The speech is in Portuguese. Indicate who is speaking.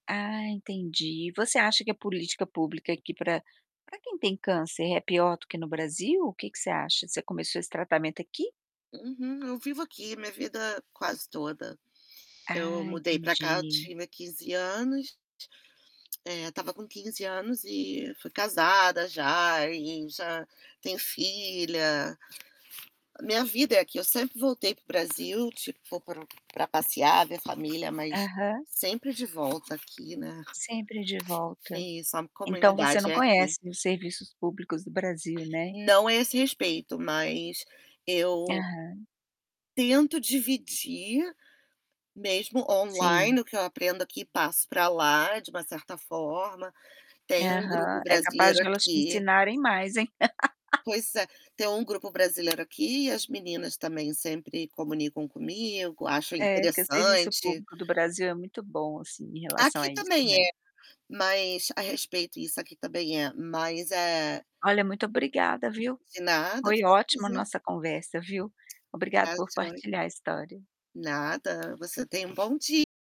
Speaker 1: Ah, entendi, você acha que a política pública aqui para para quem tem câncer é pior do que no Brasil? O que que você acha? Você começou esse tratamento aqui?
Speaker 2: Uhum, eu vivo aqui minha vida quase toda. Eu
Speaker 1: Ah,
Speaker 2: mudei para cá eu
Speaker 1: entendi.
Speaker 2: tive 15 anos eh, estava com 15 anos e fui casada já e já tenho filha. A minha vida é aqui, eu sempre voltei para o Brasil tipo vou para passear, ver família mas,
Speaker 1: Aham.
Speaker 2: sempre de volta aqui, né.
Speaker 1: Sempre de
Speaker 2: É
Speaker 1: volta.
Speaker 2: isso, a
Speaker 1: Então, você
Speaker 2: comunidade
Speaker 1: não
Speaker 2: é aqui.
Speaker 1: conhece os serviços públicos do Brasil, né?
Speaker 2: Não a esse respeito mas, eu
Speaker 1: Aham.
Speaker 2: tento dividir, mesmo
Speaker 1: Sim.
Speaker 2: online o que eu aprendo aqui passo para lá de uma certa forma, tem um grupo
Speaker 1: Aham, é capaz
Speaker 2: brasileiro
Speaker 1: de elas te
Speaker 2: aqui.
Speaker 1: ensinarem mais, hein.
Speaker 2: Pois é, tem um grupo brasileiro aqui e as meninas também sempre comunicam comigo, acham
Speaker 1: É, que o serviço
Speaker 2: interessante.
Speaker 1: público do Brasil é muito bom assim em relação
Speaker 2: Aqui
Speaker 1: a isso,
Speaker 2: também
Speaker 1: né.
Speaker 2: é, mas a respeito isso aqui também é mas é
Speaker 1: Olha muito obrigada, viu.
Speaker 2: De nada,
Speaker 1: Foi
Speaker 2: vamos
Speaker 1: ótimo a
Speaker 2: fazer.
Speaker 1: nossa conversa, viu. Obrigado
Speaker 2: Tá
Speaker 1: por
Speaker 2: jóia.
Speaker 1: partilhar a história.
Speaker 2: Nada, você tem um bom dia.